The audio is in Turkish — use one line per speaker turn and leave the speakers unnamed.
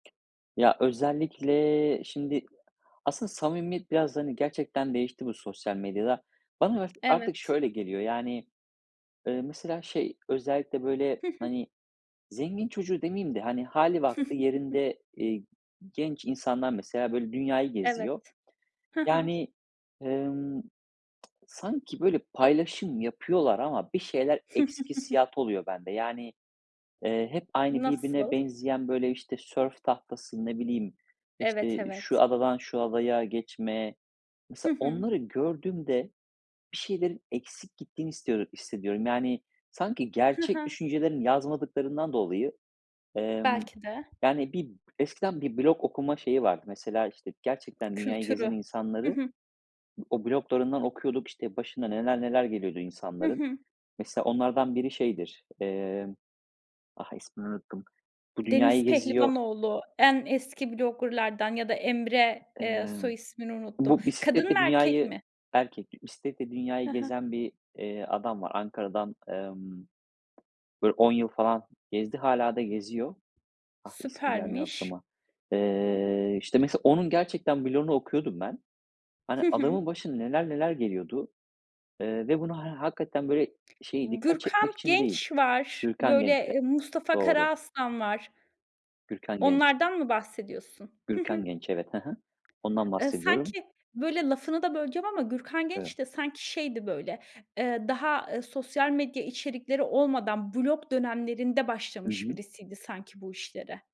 Ya özellikle şimdi aslında samimiyet biraz hani gerçekten değişti bu sosyal medyada. Bana art artık
Evet.
şöyle geliyor. Yani, ııı, mesela şey, özellikle, böyle,
Hı hı.
hani, zengin çocuğu demeyeyim de hani hâli vakti yerinde, ııı, genç insanlar mesela böyle dünyayı geziyor.
Evet. Hı hı.
Yani, ımm, sanki böyle paylaşım yapıyorlar ama bir şeyler eksik hissiyatı oluyor bende. Yani, eee, hep aynı birbirine
Nasıl?
benzeyen böyle işte sörf tahtası, ne bileyim,
Evet,
işte şu
evet.
adadan şu adaya geçme.
Hı
Mesela
hı.
onları gördüğümde bir şeylerin eksik gittiğini istiyor hissediyorum. Yani, sanki
Hı
gerçek
hı.
düşüncelerini yazmadıklarından dolayı, emm,
Belki de.
yani bir eskiden bir blog okuma şeyi vardı. Mesela işte gerçekten dünyayı gezen
Kültürü. Hı
insanları
hı.
o bloglarından okuyorduk, işte başına neler neler geliyordu
Hı
insanların.
hı.
Mesela onlardan biri şeydir, emm, ah, ismini unuttum, bu dünyayı
Deniz
geziyor.
Pehlivanoğlu en eski blogger'lardan ya da Emre, eee, soy
Imm,
ismini unuttum.
bu
Kadın mı
bisikletle
erkek
dünyayı
mi?
-erkek bisikletle
Hı
dünyayı
hı.
gezen bir, eee, adam var. Ankara'dan, emm, böyle 10 yıl falan gezdi, hâlâ da geziyor. Ah, ismi gelmiyor
Süpermiş.
aklıma. Eee, işte mesela onun gerçekten bloğunu okuyordum ben. Hani,
Hı hı.
adamın başına neler neler geliyordu, eee, ve bunu he hakikaten böyle şey dikkat
Gürkan
çekmek için değil,
Genç var,
Gürkan Genç evet
böyle Mustafa
doğru.
Karaaslan var.
Gürkan Genç.
Onlardan mı bahsediyorsun? Hı hı.
Gürkan Genç, evet. Hı hı. Ondan
Iıı,
bahsediyorum.
sanki böyle lafını da böleceğim ama Gürkan
Evet.
Genç de sanki şeydi böyle, eee, daha sosyal medya içerikleri olmadan blog dönemlerinde
Hı
başlamış
hı.
birisiydi sanki bu işlere.